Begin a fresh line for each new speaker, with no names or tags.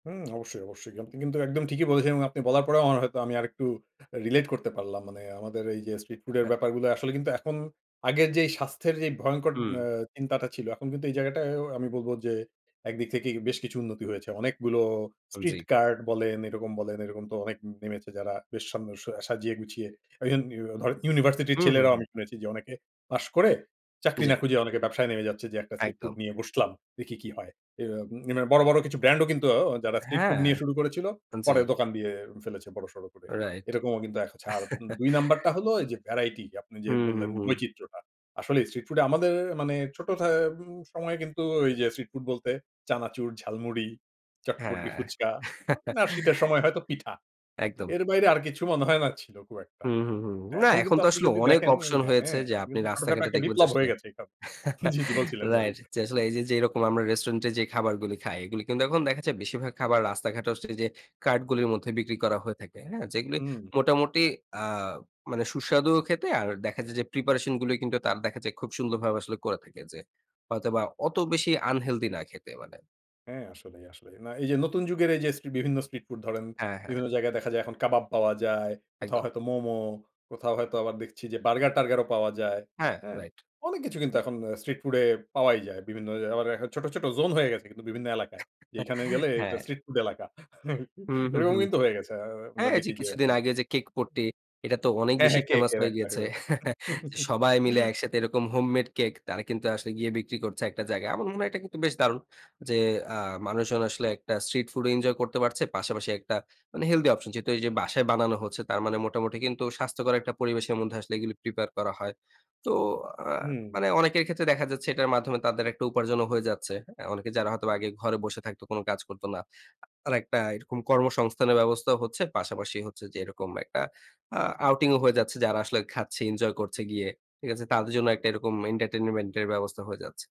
হুম, অবশ্যই, অবশ্যই। আপনি কিন্তু একদম ঠিকই বলেছেন। এবং আপনি বলার পরেও আমার হয়তো আমি আরেকটু রিলেট করতে পারলাম। মানে আমাদের এইযে স্ট্রিট ফুডের
অ্যা
ব্যাপারগুলা, আসলে কিন্তু এখন আগের যে স্বাস্থ্যের যেই ভয়ংকর
হুম।
আ চিন্তাটা ছিল, এখন কিন্তু এই জায়গাটা আ আমি বলব যে একদিক থেকেই বেশ কিছু উন্নতি হয়েছে। অনেকগুলো স্ট্রিট
জি।
কার্ট বলেন, এরকম বলেন, এরকম তো অনেক নেমেছে, যারা বেশ সাম আ সাজিয়ে গুছিয়ে। ওই অ্যা ধর ইউনিভার্সিটির
হুম, হু,
ছেলেরাও
হু।
আমি শুনেছি যে অনেকে পাস করে চাকরি
জি।
না খুঁজে অনেকে ব্যবসায় নেমে যাচ্ছে, যে একটা স্ট্রিট ফুড
একদম।
নিয়ে বসলাম, দেখি কি হয়। ইয়া নি মানে বড়, বড়, কিছু ব্র্যান্ড ও কিন্তু যারা স্ট্রিট ফুড
হ্যাঁ,
নিয়ে শুরু করেছিল,
আ জি।
পরে দোকান দিয়ে ফেলেছে বড়সড় করে।
রাইট।
এরকমও কিন্তু [unintelligible] ২ নাম্বারটা হল এই যে ভ্যারাইটি আপনি যে
হুম, হু,
বললেন
হুম।
বৈচিত্রটা। আসলেই স্ট্রিট ফুড এ আমাদের মানে ছোট থায় উ সময়ে কিন্তু ওইযে স্ট্রিট ফুড বলতে চানাচুর, ঝালমুড়ি, চটপটি,
হ্যাঁ।
ফুচকা না শীতের সময় হয়তো পিঠা।
একদম।
এর বাইরে আর কিছু মনে হয় না ছিল খুব একটা।
হুম, হুম, হুম। না
এখন
এখন
কিন্তু
তো
আপনি
আসলে
যদি
অনেক
দেখেন,
অপশন হয়েছে
হ্যাঁ
যে,
এখন
আপনি
কিন্তু ছোটখাটো
রাস্তাঘাটে
একটা
দেখবেন যে,
বিপ্লব
আসলে
হয়ে গেছে সব। জি, জি বলছিলেন, সরি।
রাইট, যে আসলে এইযে যেরকম আমরা রেস্টুরেন্টে যে খাবারগুলি খাই এগুলি কিন্তু এখন দেখা যায় বেশিরভাগ খাবার রাস্তাঘাটে আসলে যে কার্টগুলি মধ্যে বিক্রি করা হয়ে থাকে। হ্যাঁ? যেগুলি
হুম।
মোটামুটি আ মানে সুস্বাদুও খেতে, আর দেখা যায় যে প্রিপারেশনগুলি কিন্তু তারা দেখা যায় খুব সুন্দরভাবে আসলে করে থাকে যে হয়তোবা অত বেশি আনহেলথি না খেতে, মানে
হ্যাঁ, আসলেই, আসলেই, না এইযে নতুন যুগের এই যে স্ট্রি বিভিন্ন স্ট্রিট ফুড ধরেন
হ্যাঁ, হ্যাঁ।
বিভিন্ন জায়গায় দেখা যায় এখন কাবাব পাওয়া যায়। কোথাও
একদম।
হয়তো মোমো, কোথাও হয়তো আবার দেখছি যে বার্গার-টার্গারও পাওয়া যায়।
হ্যাঁ,
হ্যাঁ?
রাইট।
অনেক কিছু কিন্তু এখন অ স্ট্রিট ফুড এ পাওয়াই যায়। বিভিন্ন ওই আবার এ্যা ছোট, ছোট, জোন হয়ে গেছে কিন্তু বিভিন্ন এলাকায়। এখানে গেলে এটা
হ্যাঁ।
স্ট্রিট ফুড এলাকা।
হু, হু, হু।
এরকম কিন্তু হয়ে গেছে। আ
হ্যাঁ,
আমরা
এই যে
দেখি যে
কিছুদিন
এখন
আগে যে কেক পট্টি, এটা তো অনেক
হ্যাঁ,
বেশি
হ্যাঁ,
ফেমাস
কেকের
হয়ে
একটা
গিয়েছে,
ওই বেপারটা।
যে সবাই মিলে একসাথে এরকম হোমমেড কেক তারা কিন্তু আসলে গিয়ে বিক্রি করছে একটা জায়গায়। আমার মনে হয় এটা কিন্তু বেশ দারুণ, যে আ মানুষজন আসলে একটা স্ট্রিট ফুডও এনজয় করতে পারছে। পাশাপাশি একটা মানে হেলথি অপশন, যেহেতু এইযে বাসায় বানানো হচ্ছে। তার মানে মোটামুটি কিন্তু স্বাস্থ্যকর একটা পরিবেশের মধ্যে আসলে এগুলি প্রিপেয়ার করা হয়। তো আ
উম
মানে অনেকের ক্ষেত্রে দেখা যাচ্ছে এটার মাধ্যমে তাদের একটা উপার্জনও হয়ে যাচ্ছে। হ্যাঁ? অনেকে যারা হয়তো আগে ঘরে বসে থাকতো, কোনো কাজ করতো না, আরেকটা এরকম কর্মসংস্থানের ব্যবস্থাও হচ্ছে। পাশাপাশি হচ্ছে যে এরকম একটা আ আউটিংও হয়ে যাচ্ছে। যারা আসলে খাচ্ছে, এনজয় করছে গিয়ে। ঠিক আছে? তাদের জন্য একটা এরকম এন্টারটেইনমেন্টের ব্যবস্থা হয়ে যাচ্ছে।